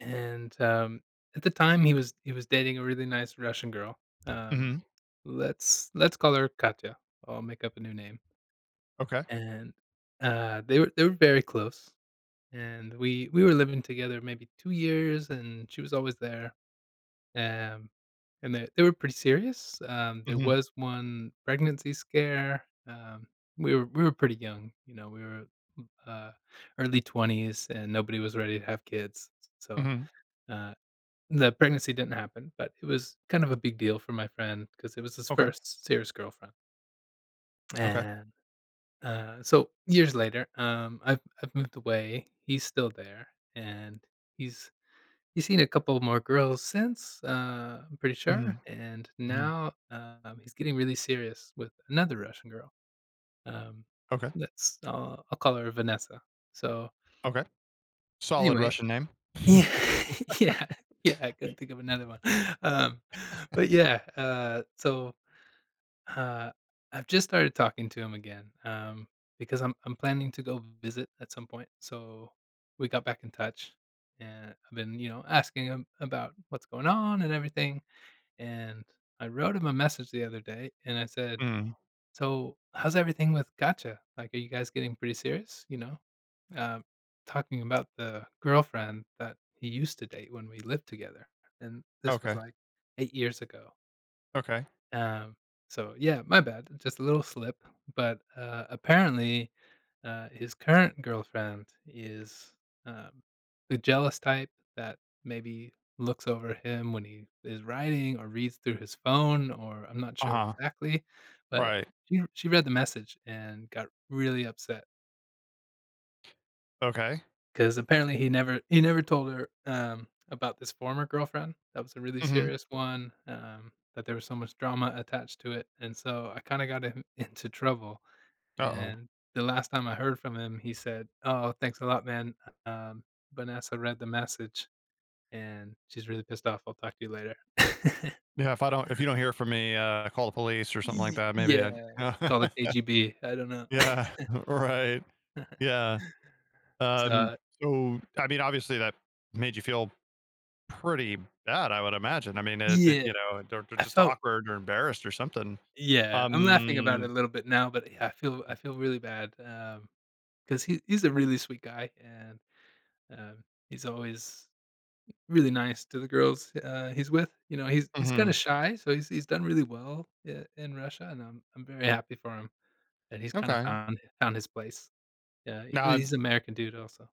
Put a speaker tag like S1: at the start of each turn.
S1: And, um, at the time, he was he was dating a really nice Russian girl, um,
S2: Mhm.
S1: let's let's call her Katya, I'll make up a new name.
S2: Okay.
S1: And, uh, they were they were very close, and, we we were living together, maybe 2 years, and she was always there. Am, and that they were pretty serious. Um, there
S2: Mhm.
S1: was 1 pregnancy scare, um, we were we were pretty young, you know, we were, m uh, early 20s, and nobody was ready to have kids, s so,
S2: Mhm.
S1: uh, the pregnancy didn't happen, but it was kind of a big deal for my friend, 'cause it was his
S2: Okay.
S1: first serious girlfriend.
S2: Okay.
S1: And, uh so, years later, um, I've I've moved away, he's still there, and, he's he's seen a couple more girls since, uh, I'm pretty sure,
S2: Mhm.
S1: and
S2: Mhm.
S1: now, um, he's getting really serious with another Russian girl, um,
S2: Okay.
S1: let's, uh, I'll call her Vanessa, so
S2: Okay. Solid
S1: anyway
S2: Russian name.
S1: Yeah, yeah, yeah, I couldn't think of another one, um but yeah, uh, so, uh I've just started talking to him again, um, because I'm I'm planning to go visit at some point, so, we got back in touch, and I've been, you know, asking him about what's going on, and everything, and I wrote him a message the other day, and I said,
S2: Mm.
S1: "So, how's everything with Katya, like, are you guys getting pretty serious?" You know, uh, talking about the girlfriend that he used to date when we lived together, and this was,
S2: Okay.
S1: like, 8 years ago.
S2: Okay.
S1: Um, so, yeah, my bad, just a little slip, but, uh, apparently, uh, his current girlfriend is, uh, the jealous type that maybe looks over him when he is writing, or reads through his phone, or I'm not sure
S2: Uh-huh.
S1: exactly, but
S2: Right.
S1: she she read the message, and got really upset.
S2: Okay.
S1: 'Cause apparently, he never he never told her, um, about this former girlfriend, that was a really
S2: Mhm.
S1: serious one, um, that there was so much drama attached to it, and so, I kinda got him into trouble,
S2: Uh-oh.
S1: and the last time I heard from him, he said, "Oh, thanks a lot, man. Um, Vanessa read the message, and she's really pissed off. I'll talk to you later."
S2: "Yeah, if I don't if you don't hear from me, uh, call the police, or something like
S1: Y
S2: that, maybe
S1: yeah. Call the
S2: I"
S1: KGB, I don't know.
S2: Yeah. Right. Yeah.
S1: It's
S2: Um,
S1: odd.
S2: so, I mean, obviously that made you feel pretty bad, I would imagine, I mean, it it, you
S1: Yeah.
S2: know, they're they're
S1: I
S2: just
S1: felt
S2: awkward, or embarrassed, or something.
S1: Yeah, I'm laughing about
S2: Um
S1: it a little bit now, but y I feel I feel really bad, um, 'cause he he's a really sweet guy, and, um, he's always really nice to the girls, uh, he's with, you know? He's he's kinda
S2: Mhm.
S1: shy, so he's he's done really well, eh, in Russia, and I'm I'm very happy for him, and he's kinda
S2: Okay.
S1: found found his place. Yeah, he's
S2: Now,
S1: a he's
S2: I've
S1: American dude, also.